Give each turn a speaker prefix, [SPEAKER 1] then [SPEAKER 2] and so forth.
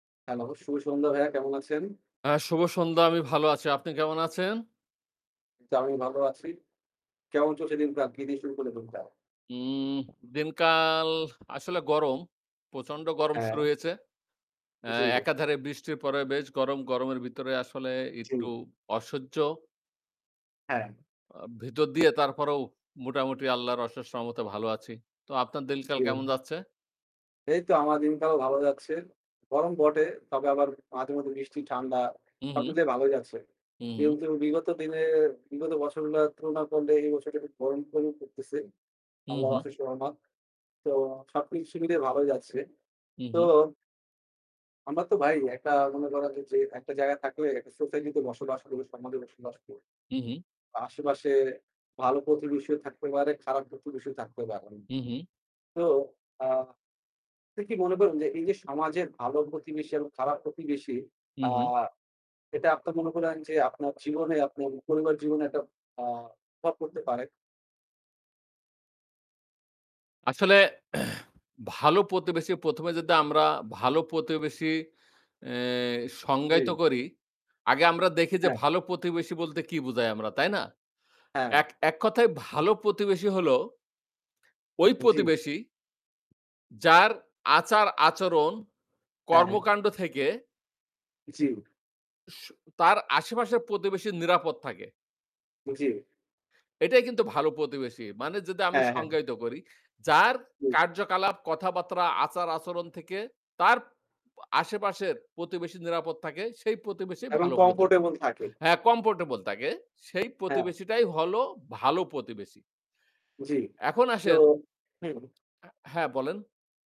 [SPEAKER 1] Hello! শুভ সন্ধ্যা ভাইয়া কেমন আছেন?
[SPEAKER 2] হ্যাঁ, শুভ সন্ধ্যা! আমি ভালো আছি। আপনি কেমন আছেন?
[SPEAKER 1] জি, আমি ভালো আছি। কেমন চলছে দিন কাল? কি দিয়ে শুরু করলেন দিনটা?
[SPEAKER 2] উম দিনকাল আসলে গরম। প্রচন্ড গরম শুরু
[SPEAKER 1] হ্যাঁ।
[SPEAKER 2] হয়েছে। অ্যা
[SPEAKER 1] জি।
[SPEAKER 2] একাধারে বৃষ্টির পর বেশ গরম, গরমের ভিতরে আসলে
[SPEAKER 1] জি।
[SPEAKER 2] একটু অসহ্য।
[SPEAKER 1] হ্যাঁ।
[SPEAKER 2] অ্যা ভিতর দিয়ে তারপরেও মোটামুটি আল্লাহর অশেষ রহমতে ভালো আছি। তো আপনার দিল কাল কেমন
[SPEAKER 1] জি।
[SPEAKER 2] যাচ্ছে?
[SPEAKER 1] এইতো আমার দিনটাও ভালো যাচ্ছে। গরম বটে তবে আবার মাঝে মধ্যে বৃষ্টি, ঠান্ডা
[SPEAKER 2] হু,
[SPEAKER 1] সব
[SPEAKER 2] হু।
[SPEAKER 1] মিলিয়ে ভালো যাচ্ছে।
[SPEAKER 2] হুম।
[SPEAKER 1] কিন্তু বিগত দিনে বিগত বছরগুলো তুলনা করলে এই বছরটা গরম কমই পড়তেছে।
[SPEAKER 2] হু,
[SPEAKER 1] আল্লাহর
[SPEAKER 2] হু।
[SPEAKER 1] অশেষ রহমত। তো সবকিছু মিলিয়ে ভালোই যাচ্ছে।
[SPEAKER 2] উ
[SPEAKER 1] তো
[SPEAKER 2] হু।
[SPEAKER 1] আমরা তো ভাই একটা মনে করেন যে, একটা জায়গায় থাকলে একটা সোসাইটি তে বসবাস করি, সমাজে বসবাস করি।
[SPEAKER 2] উ হু।
[SPEAKER 1] অ্যা আশেপাশে ভালো প্রতিবেশীও থাকতে পারে খারাপ প্রতিবেশীও থাকতে পারে।
[SPEAKER 2] হু, হু।
[SPEAKER 1] তো আ আপনি কি মনে করেন যে এই যে সমাজের ভালো প্রতিবেশী এবং খারাপ প্রতিবেশী
[SPEAKER 2] হু,
[SPEAKER 1] আ
[SPEAKER 2] হু।
[SPEAKER 1] এটা আপনার মনে করেন যে আপনার জীবনে আপনার পরিবার জীবনে একটা অ্যা প্রভাব পড়তে পারে?
[SPEAKER 2] আসলে ভালো প্রতিবেশী ১ম এ যদি আমরা ভালো প্রতিবেশী অ্যা সংজ্ঞায়িত
[SPEAKER 1] জি।
[SPEAKER 2] করি। আগে আমরা দেখি যে
[SPEAKER 1] হ্যাঁ।
[SPEAKER 2] ভালো প্রতিবেশী বলতে কি বুঝাই আমরা তাই না?
[SPEAKER 1] হ্যাঁ।
[SPEAKER 2] এক এক কথায় ভালো প্রতিবেশী হল ঐ
[SPEAKER 1] জি।
[SPEAKER 2] প্রতিবেশী যার আচার-আচরণ
[SPEAKER 1] হ্যাঁ।
[SPEAKER 2] কর্মকাণ্ড থেকে
[SPEAKER 1] জি।
[SPEAKER 2] স তার আশেপাশের প্রতিবেশী নিরাপদ থাকে।
[SPEAKER 1] জি।
[SPEAKER 2] এটাই কিন্তু ভালো প্রতিবেশী। মানে যদি আমি
[SPEAKER 1] হ্যাঁ, হ্যাঁ।
[SPEAKER 2] সংজ্ঞায়িত করি, যার
[SPEAKER 1] হুম।
[SPEAKER 2] কার্যকলাপ, কথাবার্তা, আচার-আচরণ থেকে তার আশেপাশের প্রতিবেশী নিরাপদ থাকে সেই প্রতিবেশী
[SPEAKER 1] এবং
[SPEAKER 2] ভালো প্রতিবেশী।
[SPEAKER 1] কমফোর্টেবল থাকে।
[SPEAKER 2] হ্যাঁ, কমফোর্টেবল থাকে সেই
[SPEAKER 1] হ্যাঁ।
[SPEAKER 2] প্রতিবেশীটাই হল ভালো প্রতিবেশী।
[SPEAKER 1] জ্বী।
[SPEAKER 2] এখন
[SPEAKER 1] তো,
[SPEAKER 2] আসেন
[SPEAKER 1] হুম।
[SPEAKER 2] অ্যা হ্যাঁ বলেন।